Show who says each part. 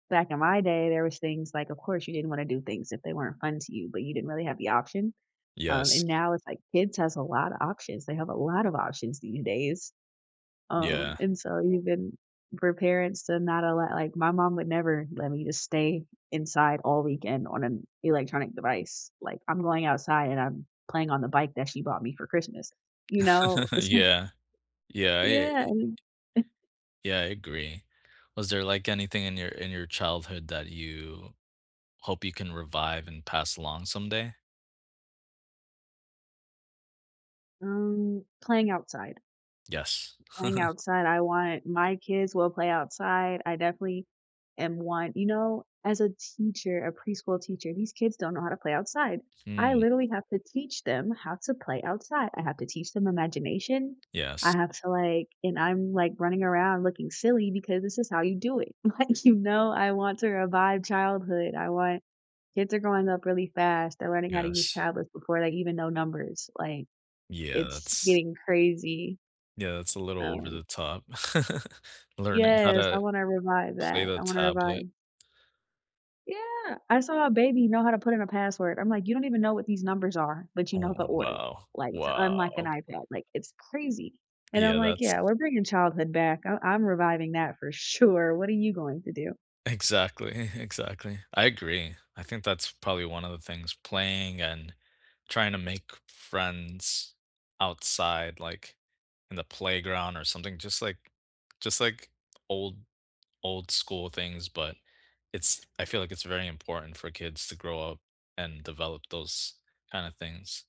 Speaker 1: Back in my day, there was things like, of course, you didn't wanna do things if they weren't fun to you, but you didn't really have the option, um, and
Speaker 2: Yes.
Speaker 1: now, it's like, kids has a lot of options; they have a lot of options these days. Um,
Speaker 2: Yeah.
Speaker 1: and, so, even for parents to not allow like, my mom would never let me just stay inside all weekend on an electronic device. Like, I'm going outside and I'm playing on the bike that she bought me for Christmas, you know? So
Speaker 2: Yeah. Yeah, i it
Speaker 1: Yeah,
Speaker 2: it
Speaker 1: I mean
Speaker 2: Yeah, I agree. Was there, like, anything in your in your childhood that you hope you can revive and pass along someday?
Speaker 1: Mm, playing outside.
Speaker 2: Yes.
Speaker 1: Playing outside, I wanted my kids will play outside. I definitely am one you know, as a teacher, a preschool teacher, these kids don't know how to play outside. I
Speaker 2: Hmm.
Speaker 1: literally have to teach them how to play outside. I have to teach them imagination. I
Speaker 2: Yes.
Speaker 1: have to, like and I'm, like, running around looking silly, because this is how you do it, like, you know? I want to revive childhood, I want kids are growing up really fast, they're learning how to use
Speaker 2: Yes.
Speaker 1: tablets before they even know numbers, like,
Speaker 2: Yeah,
Speaker 1: it's
Speaker 2: that's
Speaker 1: getting crazy.
Speaker 2: Yeah, that's a little over
Speaker 1: Um
Speaker 2: the top. Learning how
Speaker 1: Yes, I
Speaker 2: to
Speaker 1: wanna revive
Speaker 2: play
Speaker 1: that.
Speaker 2: the
Speaker 1: I wanna
Speaker 2: tablet.
Speaker 1: revive Yeah! I saw a baby know how to put in a password, I'm like, "You don't even know what these numbers are, but you know
Speaker 2: Oh,
Speaker 1: the order,"
Speaker 2: wow.
Speaker 1: like, "to unlock an
Speaker 2: Wow.
Speaker 1: iPad," like, it's crazy, and I'm
Speaker 2: Yeah,
Speaker 1: like,
Speaker 2: that's
Speaker 1: "Yeah, we're bringing childhood back. I I'm reviving that, for sure, what are you going to do?"
Speaker 2: Exactly, exactly. I agree, I think that's, probably, one of the things playing, and trying to make friends outside, like, in the playground, or something, just, like just, like, old old school things, but, it's I feel like it's very important for kids to grow up and develop those kinda things.